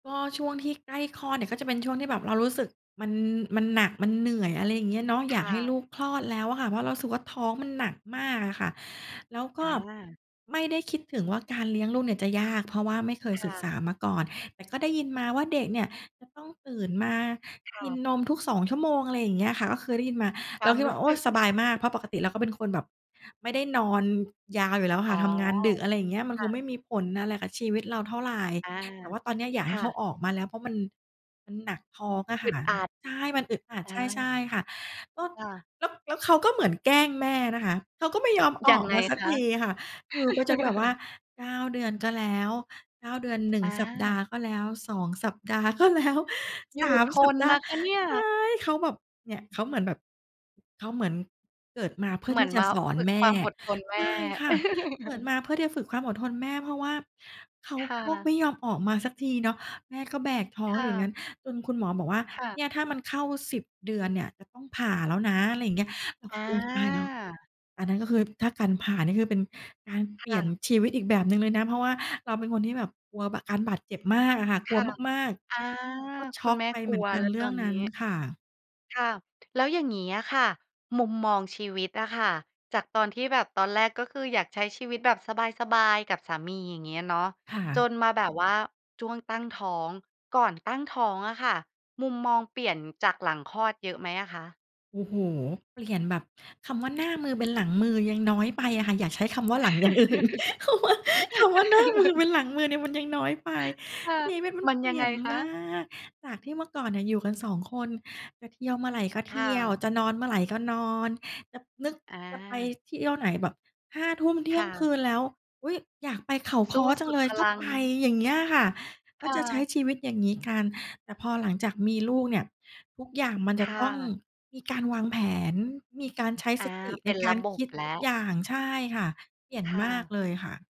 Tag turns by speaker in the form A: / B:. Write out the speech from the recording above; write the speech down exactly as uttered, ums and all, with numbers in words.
A: ก็ช่วงที่ใกล้คลอดเนี่ยก็จะเป็นช่วงที่แบบเรารู้สึกมัน มันหนัก มันเหนื่อย อะไรอย่างงี้เนาะ
B: ค
A: อยาก
B: ่
A: ให้
B: ะ
A: ลูกคลอดแล้วอะค่ะ เพราะเรารู้สึกว่าท้องมันหนักมากอะค่ะ แล้วก
B: อ
A: ็
B: า
A: ไม่ได้คิดถึงว่าการเลี้ยงลูกเนี่ยจะยาก เพราะว่าไม่เคย
B: ค
A: ศ
B: ่
A: ึก
B: ะ
A: ษามาก่อน แต่ก็ได้ยินมาว่าเด็กเนี่ยจะต้องตื่นมา
B: ค่
A: กิ
B: ะ
A: นนมทุก สอง ชั่วโมง อะไรอย่างเงี้ยค่ะ ก็คือได้ยินมา
B: คว
A: เรา
B: าม
A: คิด
B: รู
A: ว่
B: ้
A: า โอ
B: ส
A: ้
B: ึ
A: ย
B: ก
A: สบายมาก เพราะปกติเราก็เป็นคนแบบไม่ได้นอนยาวอยู่แล้ว
B: อ๋
A: ค่
B: อ
A: ะ ทำงานดึก อะไรอย่างเงี้ย มัน
B: ค
A: ค
B: ่
A: ง
B: ะ
A: ไม่มีผลอะไรกับชีวิตเราเท่าไร
B: อา
A: แต่ว่าตอนนี้อยาก
B: ค
A: ให้
B: ่
A: เขา
B: ะ
A: ออกมาแล้ว เพราะมัน มันหนักท้องอะ
B: อ
A: ค
B: ึ
A: ่ะ
B: ดอัด
A: ใช่ มันอึดอัด
B: อ
A: ใช่ ใช
B: า
A: ่ค่ะ แล้ว
B: ค่ะ
A: แล้ว แล้วเขาก็เหมือนแกล้งแม่นะคะ เขาก็ไม่ยอมอ
B: ยั
A: อ
B: ง
A: ก
B: ไง
A: มาสัก
B: คะ?
A: ทีอะค่ะ อยู่ไปจนแบบว่า เก้า เดือน ก็แล้ว เก้า เดือน หนึ่
B: อ
A: ง สัปด
B: า
A: าห์ ก็แล้ว สอง สัปดาห์ ก็แล้ว
B: อย
A: ส
B: ู่
A: าม
B: ท
A: สัป
B: น
A: ดา
B: น
A: ห์
B: ะคะเนี่ย
A: ใช่ เขาแบบ เนี่ยเขาเหมือนแบบ เขาเหมือนเกิดมาเพื่อ
B: เหม
A: ท
B: ือ
A: ี่
B: น
A: จ
B: ม
A: ะ
B: า
A: สอน
B: ฝึก
A: แม
B: ค
A: ่
B: วามอดทนแม
A: ใช
B: ่
A: ่ค่ะ เกิดมาเพื่อที่จะฝึกความอดทนแม่ เพราะว่าเขา
B: ค่
A: ก็ไ
B: ะ
A: ม่ยอมออกมาสักทีเนาะ แม่ก็แบกท้อ
B: ค
A: ง
B: ่
A: อย่าง
B: ะ
A: งั้น จนคุณหมอบอกว่า
B: ค่ะ
A: "เนี่ย ถ้ามันเข้า สิบ เดือนเนี่ย จะต้องผ่าแล้วนะ" อะไรอย่างเงี้ย เราก
B: อ
A: ็
B: า
A: โอ้โฮ ตายแล้ว อันนั้นก็คือ ถ้าการผ่านี่คือเป็นการ
B: ค
A: เปลี
B: ่
A: ่ยน
B: ะ
A: ชีวิตอีกแบบหนึ่งเลยนะ เพราะว่าเราเป็นคนที่แบบกลัว บ การบาดเจ็บมากอะค่ะ
B: ค
A: กลัว
B: ่ะ
A: มาก
B: อา
A: ๆ ก็ช
B: คุ
A: ็
B: ณ
A: อก
B: แม่
A: ไป
B: ก
A: เ
B: ล
A: หม
B: ั
A: ือ
B: ว
A: นกั
B: แล
A: น
B: ้ว
A: เร
B: ต
A: ื่
B: อ
A: อง
B: น
A: น
B: นี
A: ั้น
B: ้
A: ค่ะ
B: ค่ะ แล้วอย่างงี้อะค่ะ มุมมองชีวิตอะค่ะ จากตอนที่แบบตอนแรกก็คืออยากใช้ชีวิตแบบสบาย ๆ กับสามี อย่างเงี้ยเนาะ
A: ค่
B: จ
A: ะ
B: นมาแบบว่าช่วงตั้งท้อง ก่อนตั้งท้องอะค่ะ มุมมองเปลี่ยนจากหลังคลอดเยอะไหมอะคะ?
A: โอ้โฮ เปลี่ยนแบบ คำว่า "หน้ามือเป็นหลังมือ" ยังน้อยไปอะค่ะ อยากใช้คำว่าหลัง อย่างอื่น คำ ว คำว่าหน้ามือเป็นหลังมือเนี่ย มันยังน้อยไป
B: ค่ะ
A: ชีวิตมัน
B: มัน
A: เป
B: ย
A: ล
B: ั
A: ี
B: ง
A: ่
B: ไง
A: ยน
B: คะ?
A: มาก จากที่เมื่อก่อนเนี่ย อยู่กัน สอง คนจะเที่ยวเมื่อไรก็
B: ค
A: เที
B: ่
A: ่ยว
B: ะ
A: จะนอนเมื่อไรก็นอน จะนึก
B: อ
A: จะไป
B: า
A: เที่ยวไหนแบบ ห้า ทุ่ม เท
B: ค
A: ี่ย
B: ่
A: งคื
B: ะ
A: นแล้ว อุ๊ย อยากไปเขา
B: ส
A: ค
B: ู
A: ้
B: ้
A: อจ
B: ส
A: ั
B: ุ
A: ง
B: ด
A: เล
B: พ
A: ย ก
B: ล
A: ็
B: ัง
A: ไป อย่างเงี้ยค่ะ
B: ค
A: ก็
B: ่
A: จะใช้
B: ะ
A: ชีวิตอย่างงี้กัน แต่พอหลังจากมีลูกเนี่ย ทุกอย่างมัน
B: ค
A: จะ
B: ่
A: ต้อง
B: ะ
A: มีการวางแผน มีการใช้
B: อา
A: สติ
B: เป
A: ใน
B: ็น
A: ก
B: ร
A: า
B: ะ
A: ร
B: บ
A: ค
B: บ
A: ิด
B: แล
A: ทุ
B: ้
A: ก
B: ว
A: อย่าง ใช่ค่ะ เปลี่ยน
B: ค่
A: มาก
B: ะ
A: เลยค่ะ